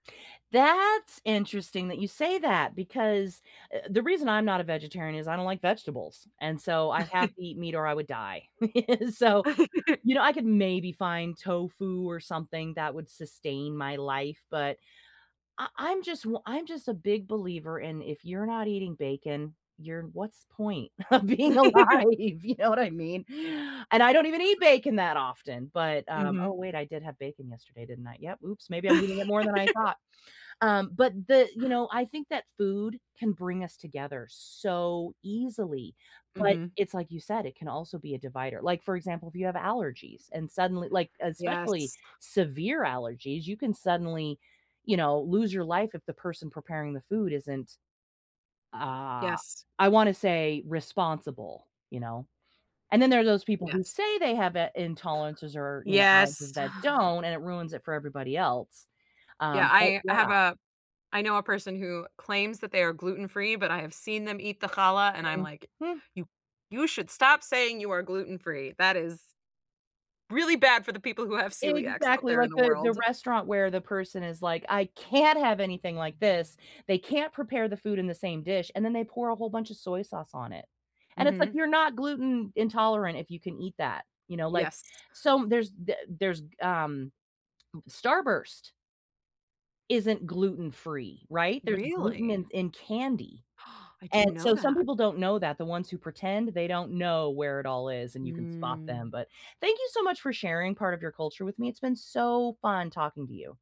That's interesting that you say that because, uh the reason I'm not a vegetarian is I don't like vegetables, and, so, I have to eat meat or I would die. So, you know, I could maybe find tofu or something that would sustain my life, but I I'm just w I'm just a big believer in, if you're not eating bacon, you're what's point of being alive? You know what I mean, and I don't even eat bacon that often, but, um oh, Mhm. wait, I did have bacon yesterday, didn't I? Yep, oops, maybe I'm eating it more than I thought. Um, but the you know, I think that food can bring us together so easily, but, Mhm. it's like you said, it can also be a divider, like, for example, if you have allergies and suddenly like, especially Yes. severe allergies, you can suddenly, you know, lose your life if the person preparing the food isn't, uh, Yes. I wanna say, responsible, you know, and then there are those people who Yes. say they have i intolerances or, you know, Yes. allergies that don't, and it ruins it for everybody else. Yeah, Um, but I I yeah. have a I know a person who claims that they are gluten free, but I have seen them eat the challah, and I'm like, Mhm. "You you should stop saying you are gluten free. That is really bad for the people who have celiac's out Exactly, there in like the the the world." restaurant where the person is like, "I can't have anything like this, they can't prepare the food in the same dish." And then they pour a whole bunch of soy sauce on it, and it's like, Mhm. "You're not gluten intolerant if you can eat that, you know?" Like, Yes. som there's the there's, um, m Starburst isn't gluten free, right? There's gluten Really? in in candy, I and didn't know so, some that. people don't know that, the ones who pretend, they don't know where it all is, and you can spot them. Mm. But, thank you so much for sharing part of your culture with me, it's been so fun talking to you.